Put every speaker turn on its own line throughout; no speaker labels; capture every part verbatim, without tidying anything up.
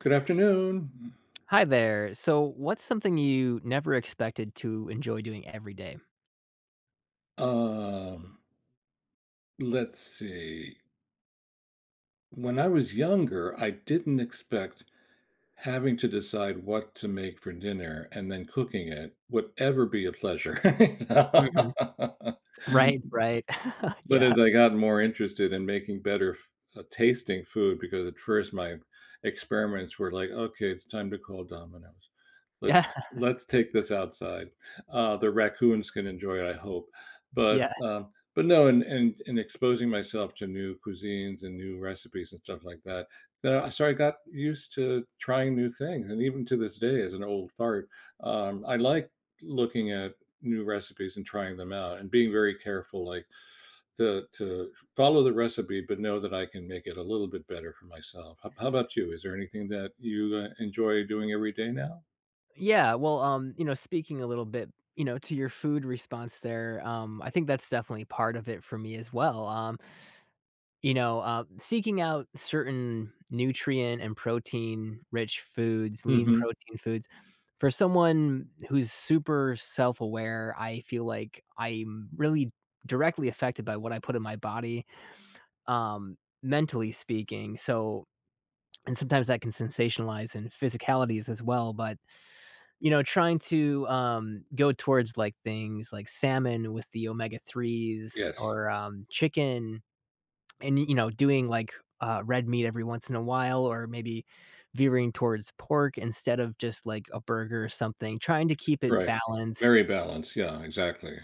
Good afternoon.
Hi there, so, what's something you never expected to enjoy doing every day?
Um Let's see. When I was younger, I didn't expect, having to decide what to make for dinner, and then cooking it, would ever be a pleasure.
Mhm, right, right.
But
Yeah.
as I got more interested in making better f uh, tasting food, because at first my experiments were like, "Okay, it's time to call Domino's. Let's
Yeah.
let's take this outside," uh, "The raccoons can enjoy it, I hope." But,
Yeah.
uh, but no, and and and exposing myself to new cuisines and new recipes and stuff like that, uh, so I got used to trying new things, and even to this day, as an old fart, um, I like looking at new recipes and trying them out and being very careful, like, to to follow the recipe, but know that I can make it a little bit better for myself. How b how about you, is there anything that you, uh, enjoy doing every day now?
Yeah. Well, um, you know, speaking a little bit, you know, to your food response there, um, I think that's definitely part of it for me as well, um, you know, um, seeking out certain nutrient and protein rich foods lean
Mhm.
protein foods, for someone who's super self-aware, I feel like I'm really directly affected by what I put in my body, um, mentally speaking so and sometimes that can sensationalize in physicalities as well, but, you know, trying to, um, go towards, like, things like salmon, with the omega threes
Yes.
or, um, chicken and, y you know, doing, like, uh, red meat, every once in a while, or maybe veering towards pork instead of just, like, a burger or something trying to keep it
Right, very
balanced
balanced. Yeah, exactly.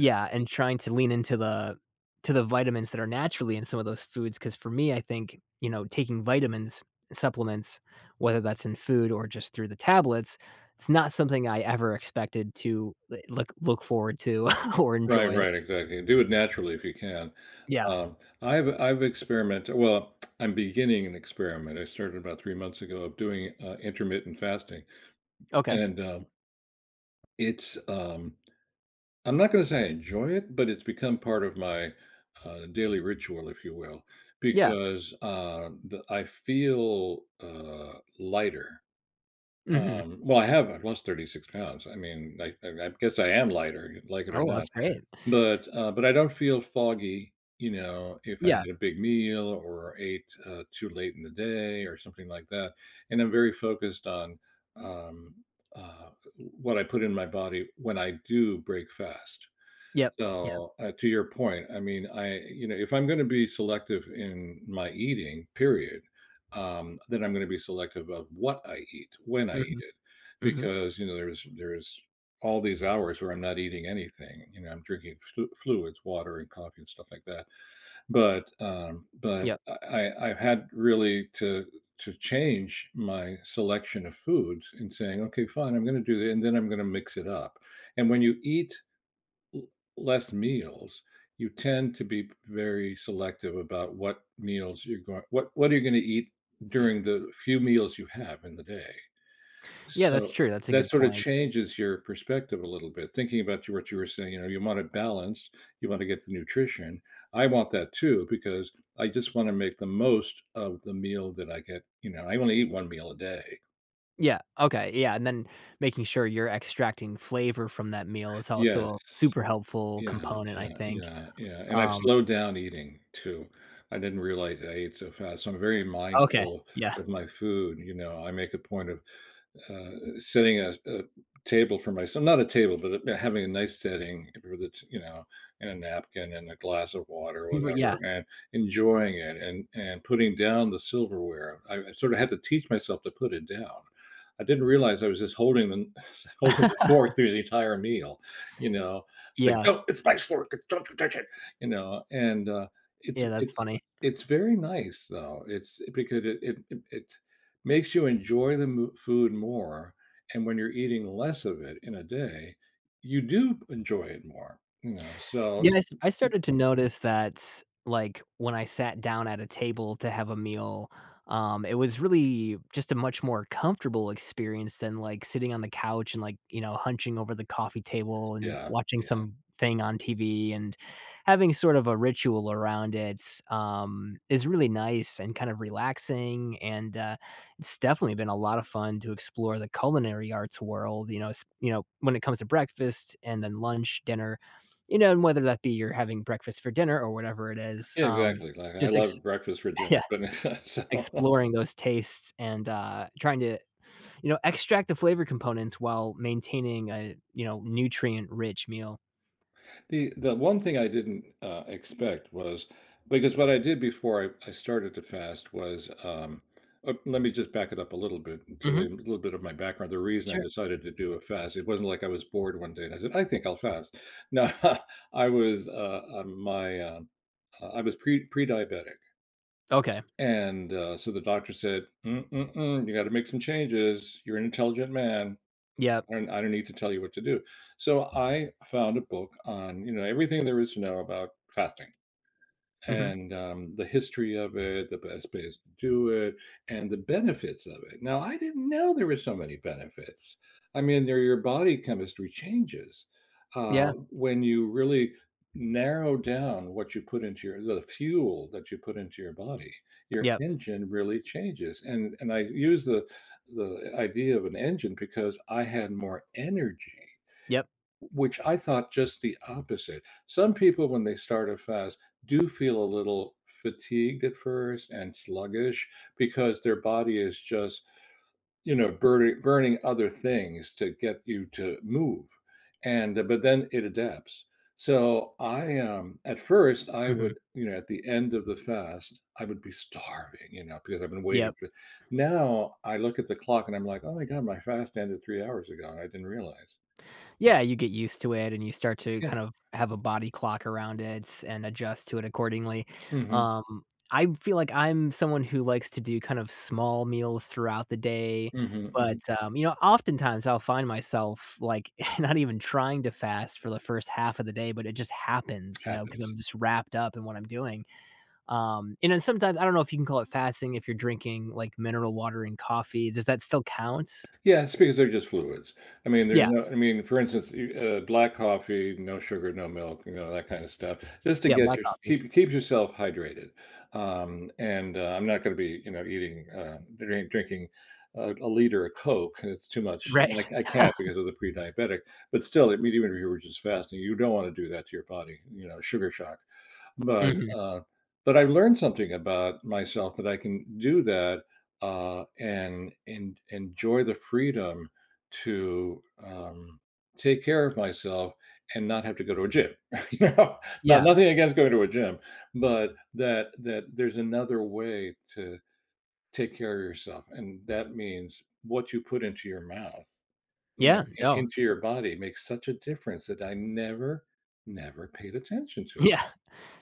Yeah, and trying to lean into the to the vitamins that are naturally in some of those foods, 'cause for me, I think, you know, taking vitamins and supplements, whether that's in food or just through the tablets, it's not something I ever expected to, eh, l look look forward to or
Right,
enjoy.
right, exactly. Do it naturally if you can.
Yeah.
Um, I've I've experiment well, I'm beginning an experiment, I started about three months ago of doing, uh, intermittent fasting.
Okay.
And, um it's, um I'm not gonna say I enjoy it, but it's become part of my, uh, daily ritual, if you will,
Yeah.
because, uh, the I feel, uh, lighter.
Mhm.
Um, well, I have I've lost thirty-six pounds. I mean, like, I I guess I am lighter, l like it or
Oh,
not.
that's great.
But, uh, but I don't feel foggy, you know, if I
Yeah.
had a big meal or ate, uh, too late in the day or something like that. And I'm very focused on, um, uh, w what I put in my body when I do break fast.
Yep, yep.
So uh, to your point, I mean, I you know, if I'm gonna be selective in my eating, period, um, then I'm gonna be selective of what I eat, when I eat
Mhm.
it,
Mhm.
because, you know, there is there is all these hours where I'm not eating anything. You know, I'm drinking fl fluids- water, and coffee, and stuff like that. But, um but
Yep.
I I I've had really to to change my selection of foods and saying, "Okay, fine. I'm gonna do it, and then I'm gonna mix it up." And when you eat l less meals, you tend to be very selective about what meals you're goin what what you're gonna eat during the few meals you have in the day.
Yeah,
So,
that's true. That's a
that
good
sorta
point.
changes your perspective a little bit, thinking about you're what you were saying, you know, you wanted balance, you wanna get the nutrition; I want that too because, I just wanna make the most of the meal that I get, you know I only eat one meal a day.
Yeah, okay, yeah, and then, making sure you're extracting flavor from that meal is
Yes.
also super helpful
Yeah,
component, I
yeah,
think,
yeah, yeah, and I've
um
slowed down eating too, I didn't realize I ate so fast, so I'm very
Okay,
mindful
yeah.
of my food, you know? I make a point of, uh, sitting at a table for mys not a table, but, uh, having a nice setting where the t you know, and a napkin and a glass of water or
M great,
whatever,
yeah.
and enjoying it and and putting down the silverware, I I sort of had to teach myself to put it down. I didn't realize I was just holding the kn holding the fork through the entire meal, you know? It's like,
Yeah.
"No, it's my fork. Eh don't you touch it," you know, and, uh, it's
Yeah, that's
it's
funny.
it's very nice, though, it's because it it it makes you enjoy the m food more. And when you're eating less of it in a day, you do enjoy it more, you know? So.
Yes, I started to notice that, like, when I sat down at a table to have a meal, um, it was really just a much more comfortable experience than, like, sitting on the couch and, like, you know, hunching over the coffee table and
Yeah,
watching
yeah.
something on TV and having sort of a ritual around it, um, is really nice and kind of relaxing, and, uh, it's definitely been a lot of fun to explore the culinary arts world, you know s you know, when it comes to breakfast and then lunch, dinner, you know, and whether that be you're having breakfast for dinner or whatever it is,
Yeah,
um,
exactly, like, I
just ex
love breakfast for dinner,
Yeah.
but so
Exploring those tastes and, uh, trying to, you know, extract the flavor components while maintaining a, you know, nutrient rich meal.
The the one thing I didn't, uh, expect was because what I did before I I started to fast was, um, uh let me just back it up a little bit to
Mhm.
leave a little bit of my background, the reason I
Sure.
decided to do a fast, it wasn't like I was bored one day and I said, "I think I'll fast." No I was, uh, uh, my uh, I was pre pre-diabetic.
Okay.
And, uh, so the doctor said, "Mm-mm-mm, you gotta make some changes. You're an intelligent man,
Yep.
and I don't need to tell you what to do," so I found a book on, you know, everything there is to know about fasting
Mhm.
and, um, the history of it, the best bays to do it, and the benefits of it, now I didn't know there were so many benefits. I mean, they're your body chemistry changes, uh,
Yeah.
when you really narrow down what you put into your the fuel that you put into your body, your
Yep.
engine really changes, and and I use the the idea of an engine because I had more energy,
Yep.
w which I thought just the opposite. Some people, when they start a fast, do feel a little fatigued, at first, and sluggish because their body is just, you know, burning burning other things to get you to move, and but then it adapts. So I, um at first, I
Mhm.
would you know, at the end of the fast, I would be starving, you know, because I've been waiting
Yep.
for now I look at the clock, I'm like, "Oh my god. My fast ended three hours ago, and I didn't realize."
Yeah, you get used to it, and you start to, kind
Yeah.
of, have a body clock around it and adjust to it, accordingly.
Mhm.
Um, I feel like I'm someone who likes to do, kind of, small meals throughout the day,
Mhm,
but,
mhm.
um, you know, oftentimes, I'll find myself, like, not even trying to fast for the first half of the day, but it just happens, you know, 'cause
Happens.
I'm just wrapped up in what I'm doing, um, and then sometimes, I don't know if you can call it fasting if you're drinking, like, mineral water and coffee, does that still count?
Yes, because they're just fluids, I mean, there's
Yeah.
no I mean, for instance, you uh, black coffee, no sugar, no milk, you know, that kinda stuff, just to
Yeah,
get
black
your
coffee.
keep keep yourself hydrated, um, and, uh, I'm not gonna be, you know, eating, uh dr drink drinking, a a liter of Coke 'cause it's too much, and,
Right.
like, I can't because of the pre-diabetic, but still, we do it we were just fasting. You don't wanna do that to your body, you know- sugar shock, but,
Mhm.
uh but I learned something about myself that I can do that, uh, and en enjoy the freedom to, um, take care of myself and not have to go to a gym, you know? Not
Yeah.
nothing against going to a gym, but that that there's another way to take care of yourself, and that means what you put into your mouth, you know
Yeah,
i
no.
into your body makes such a difference that I never, never paid attention to it.
Yeah.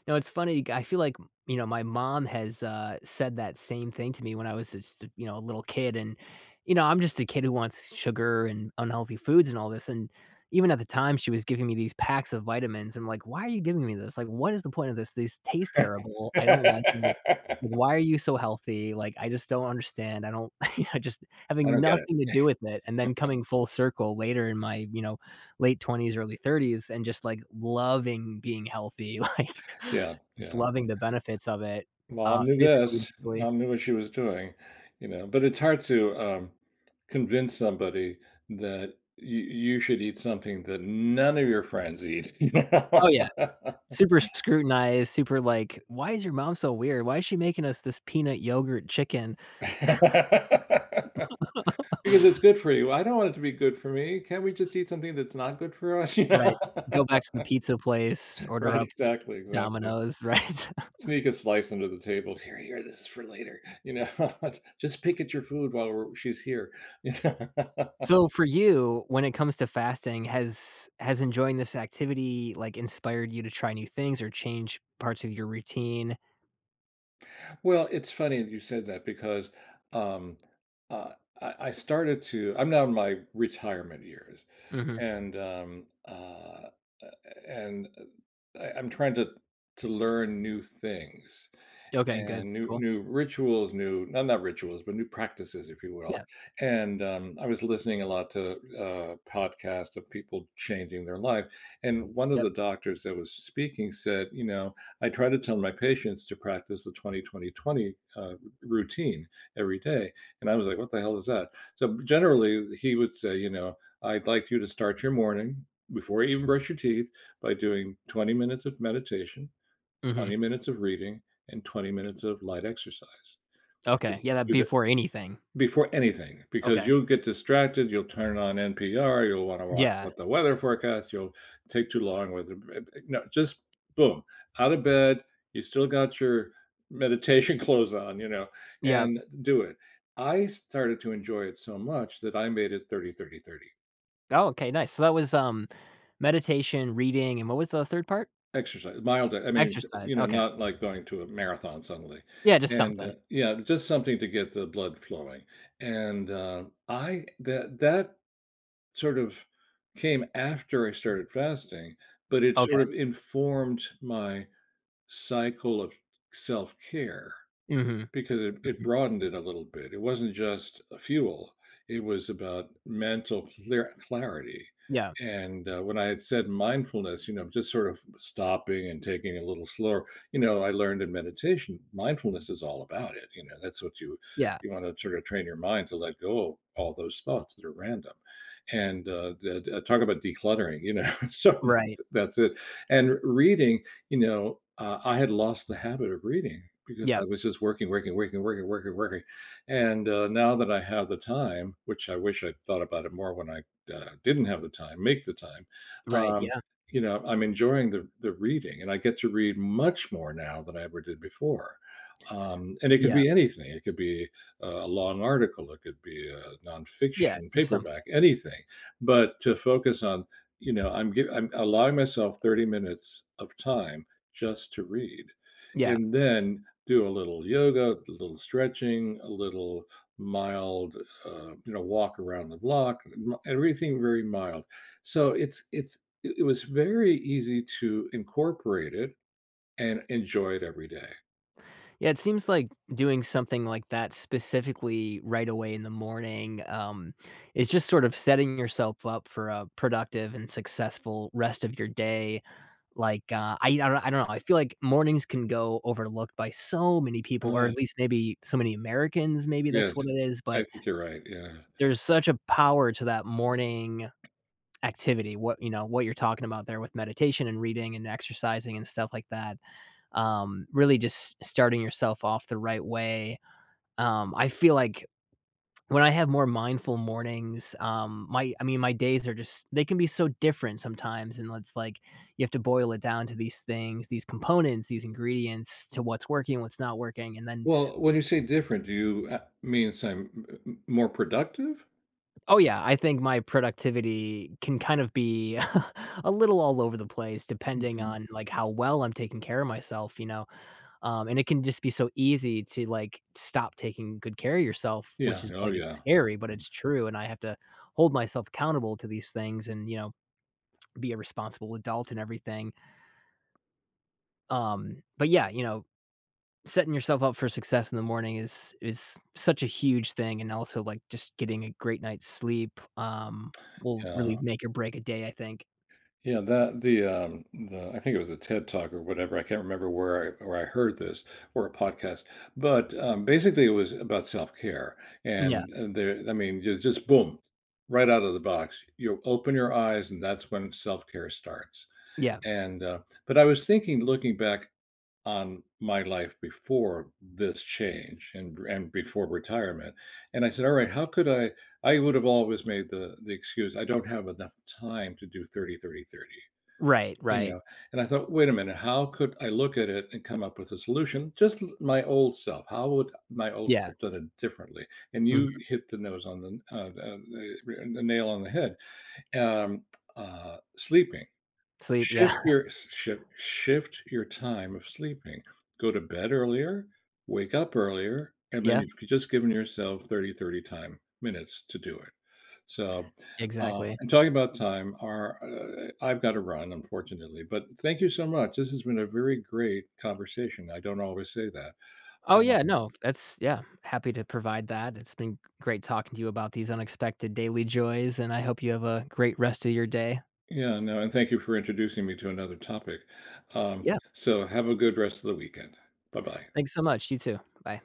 No, it's funny, g I feel like m you know, my mom has, uh, said that same thing to me when I was just, you know, a little kid, and, you know, I'm just a kid who wants sugar and unhealthy foods and all this, and even at the time, she was giving me these packs of vitamins. I'm like, "Why are you giving me this, like, what is the point of this? This tastes terrible. I don't like it. Why are you so healthy, like, I just don't understand." I don't I just
I
having
don't get it.
nothing to do with it, and then coming full circle later in my, you know, late twenties, early thirties and just, like, loving being healthy, like,
Yeah,
just
yeah.
loving the benefits of it,
Mom
uh,
knew
physically and
best.
mentally.
Mom knew what she was doing, you know, but it's hard to, um, convince somebody that y you should eat something that none of your friends eat.
Oh, yeah. Super s scrutinized, super like, "Why is your mom so weird? Why is she making us this peanut yogurt chicken?"
"Because it's good for you." "I don't want it to be good for me. Can't we just eat something that's not good for us, you know?"
Right, go back to the pizza place, order
Right,
up D
exactly, exactly.
Domino's, right?
Sneak a slice under the table. "Here, here, this is for later." You know? "Just pick at your food while we're she's here."
So for you, when it comes to fasting, has has enjoying this activity, like, inspired you to try new things, or change parts of your routine?
Well, it's funny that you said that because, um, uh, I- I started to I'm now in my retirement years,
Mhm.
and, um, uh, a a and, uh, I I'm trying to to learn new things
Okay, good,
and new
cool.
new rituals, new no, not rituals, but new practices, if you will,
Yep.
and, um, I was listening a lot to, uh, podcasts of people changing their life, and one of
Yep.
the doctors that was speaking said, you know, "I try to tell my patients to practice the twenty, twenty, twenty, uh, routine, every day." And I was like, "What the hell is that?" So, generally, he would say, you know, "I'd like you to start your morning, before you even brush your teeth, by doing twenty minutes of meditation,
Mhm.
twenty minutes of reading, and twenty minutes of light exercise."
Okay.
Because
Yeah, that'd
do
be
tha
for anything.
before anything, because
Okay.
you'll get distracted, you'll turn on NPR, you'll wanna watch
Yeah.
what the weather forecast, you'll take too long with, uh, bre b no, just boom, out of bed, you still got your meditation clothes on, you know,
Yep.
and do it. I started to enjoy it so much that I made it thirty, thirty, thirty.
Oh, okay, nice. So, that was, um, meditation, reading, and what was the third part?
Exercise mild, uh, I mean, s uh, you
Exercise,
know,
okay.
not like going to a marathon suddenly.
Yeah, just
And, uh
something.
Yeah, just something to get the blood flowing. And, uh, I that that sort of came after I started fasting, but it
Okay.
sort of informed my cycle of self-care
Mhm.
becau it
Mhm.
broadened it a little bit. It wasn't just a fuel, it was about mental clar clarity,
Yeah.
and, uh, when I had said mindfulness, you know, just sort of stopping and taking it a little slower. You know, I learned in meditation, mindfulness is all about it, you know, that's what you
Yeah.
you wanna sort of train your mind to let go of all those thoughts that are random. And, uh da da talk about decluttering, you know, sometimes
Right.
it that's it. And r reading, you know, uh, I had lost the habit of reading because I
Yep.
was just working, working, working, working, working, working, and, uh, now that I have the time, which I wish I thought about it more when I, uh, didn't have the time, make the time,
Right,
um,
yeah.
you know, I'm enjoying the the reading, and I get to read much more now than I ever did before, um, and it could
Yeah.
be anything. It could be, uh, a long article, it could be, uh,
Yeah,
nonfiction,
just something.
paperback, anything. But to focus on, you know, I'm give I'm allowing myself thirty minutes of time just to read,
Yeah.
and then, do a little yoga, a little stretching, a little mild, uh, you know, walk around the block, [unintelligible] everything very mild. So, it's it's it it was very easy to incorporate it and enjoy it every day.
Yeah, it seems like doing something like that specifically, right away in the morning, um, is just sort of setting yourself up for a productive and successful rest of your day, like, uh, I yeah, I I don't know. I feel like mornings can go overlooked by so many people, or at
Odd.
least maybe so many Americans; maybe that's
Yes,
what it is,
I
but
think you're right, yeah.
there's such a power to that morning activity, what you know, what you're talking about there with meditation and reading and exercising and stuff like that, um, really just starting yourself off the right way. Um, I feel like, when I have more mindful mornings, um, my I mean, my days are just they can be so different sometimes, and l it's like you have to boil it down to these things, these components, these ingredients, to what's working, what's not working, and then
Well, when you say "different," do you, ah means, "I'm m m m more productive?"
Oh, yeah, I think my productivity can kind of be a little all over the place depending
Mhm.
on, like, how well I'm taking care of myself, you know? Um, and it can just be so easy to, like, stop taking good care of yourself, which
Yeah,
is,
oh,
like it's
yeah.
scary, but
Yeah.
it's true, and I have to hold myself accountable to these things and, you know, be a responsible adult and everything. Um, but yeah, you know, setting yourself up for success in the morning is is such a huge thing and also, like, just getting a great night's sleep, um, will
Yeah.
really make or break a day, I think.
Yeah. That the, um, the, uh, I think it was a TED Talk or whatever, I can't remember where I-where I heard this, or a podcast. But, um, basically, it was about self-care,
Yeah.
and, uh there I mean, you just boom. Right out of the box, you open your eyes, and that's when self-care starts.
Yeah.
And uh but I was thinking looking back on my life before this change and and before retirement, and I said, "Alright how could I" I would have always made the the excuse, "I don't have enough time to do thirty thirty thirty."
Right,
You
right.
know? And I thought, "Wait a minute. How could I look at it and come up with a solution? Just th my old self, how would my old
Yeah.
self done it differently?" And
Mhm.
you hit the nose on the, uh uh the re the nail on the head, e um, uh, sleeping.
Sleep, yeah.
Shift your shi shift shift your time of sleeping. Go to bed earlier, wake up earlier, and then
Yeah.
you've just given yourself thirty thirty time minutes to do it. So, uh
Exactly.
and talking about time, our uh eh e I've gotta run, unfortunately, but thank you so much, this has been a very great conversation, I don't always say that,
Oh, yeah,
um
no, that's yeah. Happy to provide that. It's been great talking to you about these unexpected daily joys, and I hope you have a great rest of your day.
Yeah, no, and thank you for introducing me to another topic. Um,
Yeah.
so have a good rest of the weekend. Bye-bye.
Thanks so much. You too. Bye.